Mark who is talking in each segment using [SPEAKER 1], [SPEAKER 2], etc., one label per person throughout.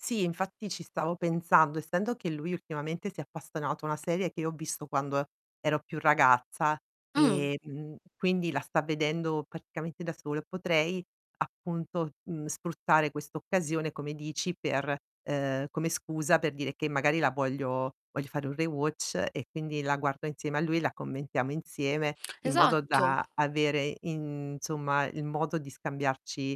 [SPEAKER 1] Sì, infatti ci stavo pensando. Essendo che lui ultimamente si è appassionato a una serie che io ho visto quando e ero più ragazza
[SPEAKER 2] Mh.
[SPEAKER 1] e, mhmm, quindi la sta vedendo praticamente da solo, potrei, appunto, mhmm, sfruttare questa occasione, come dici, per ehm, come scusa per dire che magari la voglio voglio fare un rewatch e quindi la guardo insieme a lui, la commentiamo insieme, in modo
[SPEAKER 2] Esatto.
[SPEAKER 1] da avere, insomma, il modo di scambiarci,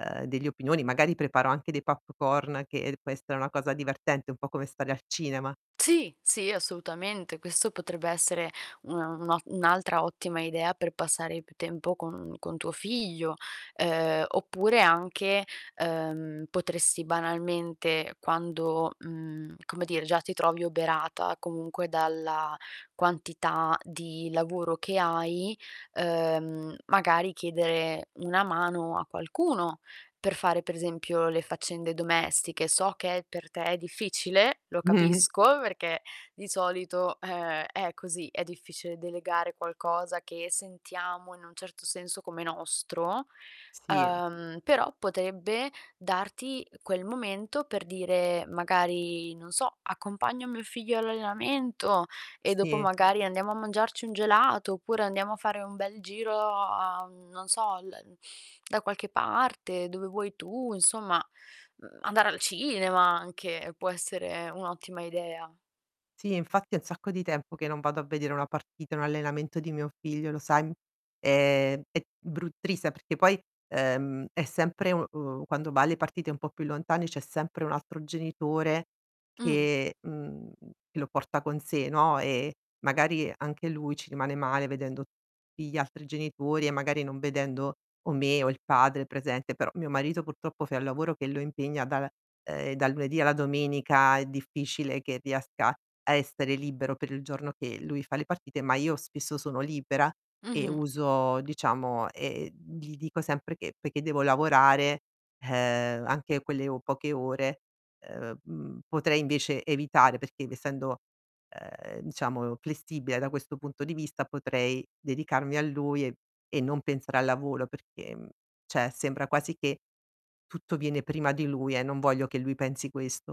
[SPEAKER 1] ehm, delle opinioni, magari preparo anche dei popcorn, che può essere una cosa divertente, un po' come stare al cinema.
[SPEAKER 2] Sì, sì, assolutamente. Questo potrebbe essere una un'o un'altra ottima idea per passare più tempo con con tuo figlio. Ehm, oppure anche, ehm, potresti banalmente quando, mhmm, come dire, già ti trovi oberata comunque dalla quantità di lavoro che hai, uhm, magari chiedere una mano a qualcuno per fare, per esempio, le faccende domestiche. So che per te è difficile, lo
[SPEAKER 1] Mh-mh.
[SPEAKER 2] capisco, perchè di solito, ehm, è così, è difficile delegare qualcosa che sentiamo, in un certo senso, come nostro.
[SPEAKER 1] Sì.
[SPEAKER 2] Uhm, però potrebbe darti quel momento per dire, magari, non so: "Accompagno mio figlio all'allenamento!" E dopo,
[SPEAKER 1] Sì.
[SPEAKER 2] magari: "Andiamo a mangiarci un gelato!" Oppure: "Andiamo a fare un bel giro a" mhmm, non so, "al en da qualche parte, dove vuoi tu", insomma, mhmm, andare al cinema anche può essere un'ottima idea.
[SPEAKER 1] Sì, infatti è un sacco di tempo che non vado a vedere una partita, un allenamento di mio figlio, lo sai, m ehm, è bru triste perché poi, ehm, è sempre, u o quando va alle partite un po' più lontane, c'è sempre un altro genitore
[SPEAKER 2] Mh.
[SPEAKER 1] che mhmm, che lo porta con sé, no, e magari anche lui ci rimane male vedendo tutti gli altri genitori, e magari non vedendo o me o il padre presente, però, mio marito, purtroppo fa un lavoro che lo impegna da la ehm, dal lunedì alla domenica, è difficile che riesca a essere libero per il giorno che lui fa le partite, ma io spesso sono libera e
[SPEAKER 2] Mh-mh.
[SPEAKER 1] uso, diciamo e e, mhmm, gli dico sempre che perché devo lavorare, ehm, anche quelle o poche ore, ehm, mhmm, potrei invece evitare, perché essendo, ehm, diciamo, flessibile, da questo punto di vista, potrei dedicarmi a lui e e non pensare al lavoro perché, mhmm, cioè sembra quasi che tutto viene prima di lui e non voglio che lui pensi questo.